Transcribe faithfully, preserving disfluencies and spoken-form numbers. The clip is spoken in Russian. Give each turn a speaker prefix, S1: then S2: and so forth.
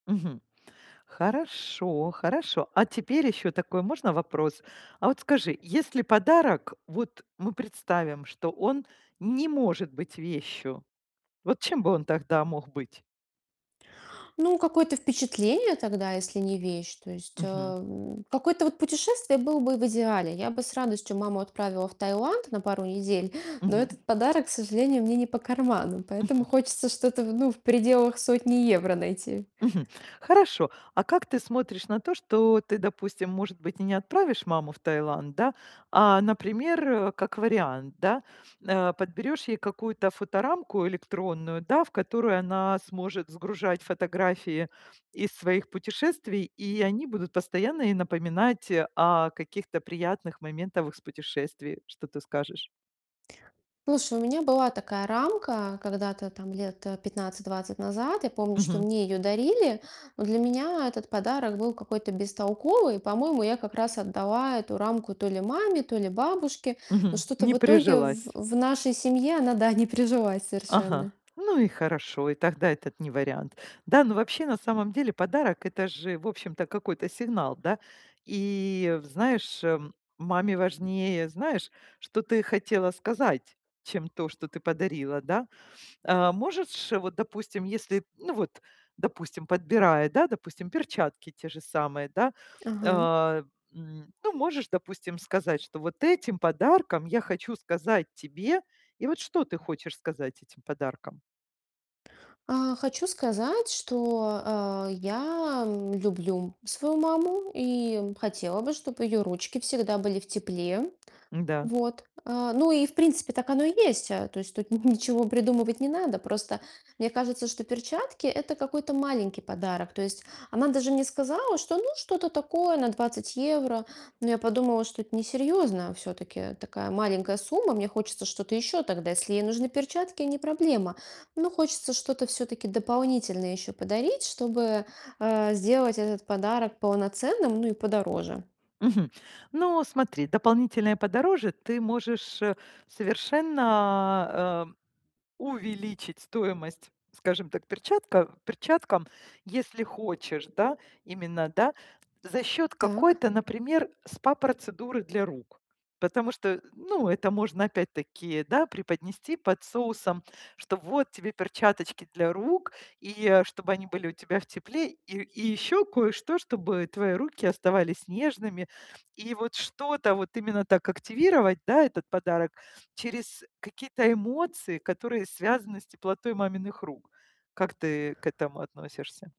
S1: Мгм. Хорошо хорошо. А теперь ещё такой можно вопрос? А вот скажи, если подарок, вот мы представим, что он не может быть вещью, вот чем бы он тогда мог быть?
S2: Ну, какое-то впечатление тогда, если не вещь. То есть, э,
S1: Мгм.
S2: м, какое-то вот путешествие было бы в идеале. Я бы с радостью маму отправила в Таиланд на пару недель, но
S1: Мгм.
S2: этот подарок, к сожалению, мне не по карману, поэтому
S1: Мгм.
S2: хочется что-то, в ну, в пределах сотни евро найти.
S1: Мгм. Хорошо. А как ты смотришь на то, что ты, допустим, может быть, и не отправишь маму в Таиланд, да? А, например, как вариант, да, э, подберешь ей какую-то фоторамку электронную, да, в которую она сможет сгружать фотографии из своих путешествий, и они будут постоянно ей напоминать о каких-то приятных моментов из путешествий. Что ты скажешь?
S2: Слушай, у меня была такая рамка когда-то там лет, э, пятнадцать двадцать назад. Я помню, что
S1: Мгм.
S2: мне её дарили, но для меня этот подарок был какой-то бестолковый. И по-моему, я как раз отдала эту рамку то ли маме, то ли бабушке, но
S1: Мгм.
S2: что-то
S1: Не
S2: в итоге в
S1: прижилась.
S2: в нашей семье она, да, не прижилась
S1: Ага.
S2: совершенно.
S1: Ну и хорошо. И тогда этот не вариант, да? Но вообще, на самом деле подарок- это же, в общем-то, какой-то сигнал, да? И в знаешь, э, маме важнее, знаешь, что ты хотела сказать, чем то, что ты подарила, да? Э, можетшь вот, допустим, если ну, вот, допустим, подбирая, да, допустим, перчатки те же самые, да, э,
S2: Ага.
S1: м, ну, можешь, допустим, сказать, что: "Вот этим подарком я хочу сказать тебе" и вот что ты хочешь сказать этим подарком?
S2: А, хочу сказать, что, э, я, м, люблю свою маму и, м, хотела бы, чтоб её ручки всегда были в тепле.
S1: Да.
S2: Вот. Э, ну и, в принципе, так оно и есть. Э, то есть тут ни ничего придумывать не надо. Просто мне кажется, что перчатки- это какой-то маленький подарок. То есть она даже мне сказала, что: "Ну, что-то такое, на двадцать евро". Но я подумала, что это несерьёзно. Всё-таки такая маленькая сумма, мне хочется что-то ещё тогда. Если ей нужны перчатки- не проблема, но хочется что-то всё-таки дополнительное ещё подарить, чтобы, э, сделать этот подарок полноценным, ну и подороже.
S1: Мгм. Ну, смотри, дополнительное подороже ты можешь, э, совершенно, э, увеличить стоимость, скажем так, перчатка перчаткам, если хочешь, да, именно, да, за счет
S2: Так.
S1: какой-то, например, спа-процедуры для рук. Потому что, э, ну, это можно опять-таки, да, преподнести под соусом, что: "Вот тебе перчаточки для рук и, э, чтобы они были у тебя в тепле, и и еще кое-что, чтобы твои руки оставались нежными". И вот что-то вот именно так активировать, да, этот подарок через какие-то эмоции, которые связаны с теплотой маминых рук. Как ты к этому относишься?